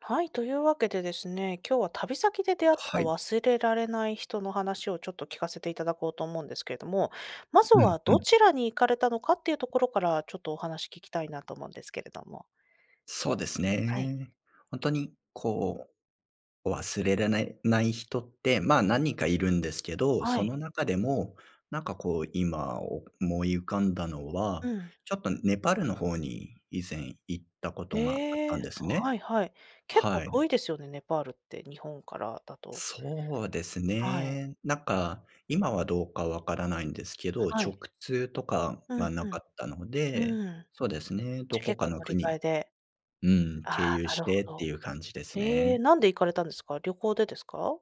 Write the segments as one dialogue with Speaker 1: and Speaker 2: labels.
Speaker 1: はい、というわけでですね、今日は、旅先で出会った
Speaker 2: はい。
Speaker 1: 忘れられない人の話をちょっと聞かせていただこうと思うんですけれども、まず
Speaker 2: うん
Speaker 1: は
Speaker 2: う
Speaker 1: ど
Speaker 2: ん。
Speaker 1: ちらに行かれたのかっていうところからちょっとお話聞きたいなと思うんですけれども。
Speaker 2: そうです
Speaker 1: はい。
Speaker 2: ね。ほんとにこう、忘れらないない人って、まあ、何人かいるんですけど、
Speaker 1: は
Speaker 2: そ
Speaker 1: い。
Speaker 2: の中でも、なんかこう今思い浮かんだの
Speaker 1: う
Speaker 2: は
Speaker 1: ん。
Speaker 2: ちょっとネパールの方に以前行ったことがあっ
Speaker 1: え
Speaker 2: た
Speaker 1: え、
Speaker 2: んですね。
Speaker 1: はいはい。結構
Speaker 2: は
Speaker 1: 遠い
Speaker 2: い。
Speaker 1: ですよね？ネパールって、日本からだと。
Speaker 2: そうです
Speaker 1: はい。
Speaker 2: ね。なんか、今はどうかわからないんですけど、
Speaker 1: は
Speaker 2: 直
Speaker 1: い。
Speaker 2: 通とか
Speaker 1: うん
Speaker 2: がなかっ
Speaker 1: う
Speaker 2: たので、
Speaker 1: ん。うーん。
Speaker 2: そうですね、
Speaker 1: じ
Speaker 2: ど
Speaker 1: ゃ、
Speaker 2: こ
Speaker 1: 結
Speaker 2: か
Speaker 1: 構
Speaker 2: の
Speaker 1: 乗り換え
Speaker 2: 国
Speaker 1: で。
Speaker 2: うん、
Speaker 1: ああ、
Speaker 2: 経由し
Speaker 1: なるほ
Speaker 2: てって
Speaker 1: ど。
Speaker 2: いう感じです
Speaker 1: へえ、
Speaker 2: ね。
Speaker 1: なんで行かれたんですか？旅行でですか？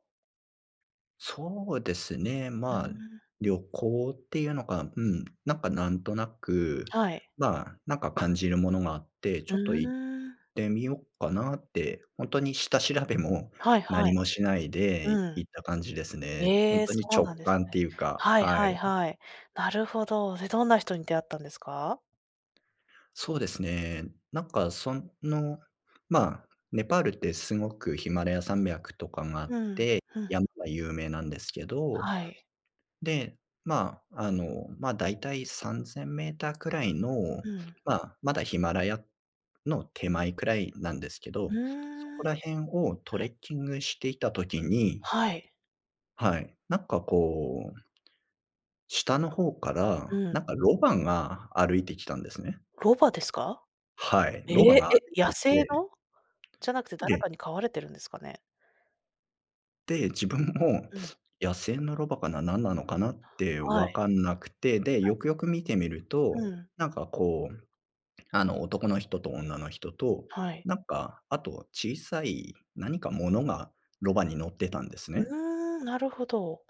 Speaker 2: そうですね。
Speaker 1: うー
Speaker 2: ま、
Speaker 1: ん。
Speaker 2: 旅行ってゆうのか、うん、なんかなんとなく、
Speaker 1: はい。
Speaker 2: まあ、なんか感じるものがあって、ち
Speaker 1: う
Speaker 2: ょっと行っ
Speaker 1: ーん。
Speaker 2: てみよっかなって、ほんとに下調べも
Speaker 1: はいは
Speaker 2: 何
Speaker 1: い。
Speaker 2: もしないで
Speaker 1: うん。
Speaker 2: 行った感じですね。ほん
Speaker 1: ええ、
Speaker 2: と
Speaker 1: そ
Speaker 2: に
Speaker 1: う
Speaker 2: 直
Speaker 1: なんです
Speaker 2: 感っ
Speaker 1: ね。
Speaker 2: ていうか、
Speaker 1: はい
Speaker 2: は
Speaker 1: はい
Speaker 2: い。
Speaker 1: はい。なるほど。で、どんな人に出会ったんですか？
Speaker 2: そうですね。なんかその、まあ、ネパールってすごく、ヒマラヤ山脈とかがあっ
Speaker 1: う
Speaker 2: て
Speaker 1: ん。ふん。
Speaker 2: 山が有名なんですけど、
Speaker 1: はい。
Speaker 2: で、まあ、あの、ま、大体3000メーターくらいの、
Speaker 1: うん。
Speaker 2: ま、まだヒマラヤの手前くらいなんですけ
Speaker 1: う
Speaker 2: ど、そ
Speaker 1: ー
Speaker 2: こ
Speaker 1: ん。
Speaker 2: ら辺をトレッキングしていた時に
Speaker 1: はい。
Speaker 2: はい、なんかこう下の方か
Speaker 1: う
Speaker 2: ら
Speaker 1: ん。
Speaker 2: なんかロバが歩いてきたんですね。
Speaker 1: ロバですか？
Speaker 2: はい、
Speaker 1: え
Speaker 2: ロバ
Speaker 1: え？
Speaker 2: が
Speaker 1: え、野
Speaker 2: 出てき
Speaker 1: 生
Speaker 2: て
Speaker 1: の？じゃなくて誰
Speaker 2: で
Speaker 1: かに飼われてるんですかね？
Speaker 2: で、自
Speaker 1: う、
Speaker 2: 分も、
Speaker 1: うん。
Speaker 2: 「野生のロバかな？なんなのかな？」って
Speaker 1: は
Speaker 2: 分
Speaker 1: い。
Speaker 2: かんなくて、で、
Speaker 1: はい。
Speaker 2: よくよく見てみると、
Speaker 1: うん。
Speaker 2: なんかこう、あの、男の人と女の人と、
Speaker 1: はい。
Speaker 2: なんか、あと小さい何か物がロバに乗ってたんですね。
Speaker 1: うーん、なるほど。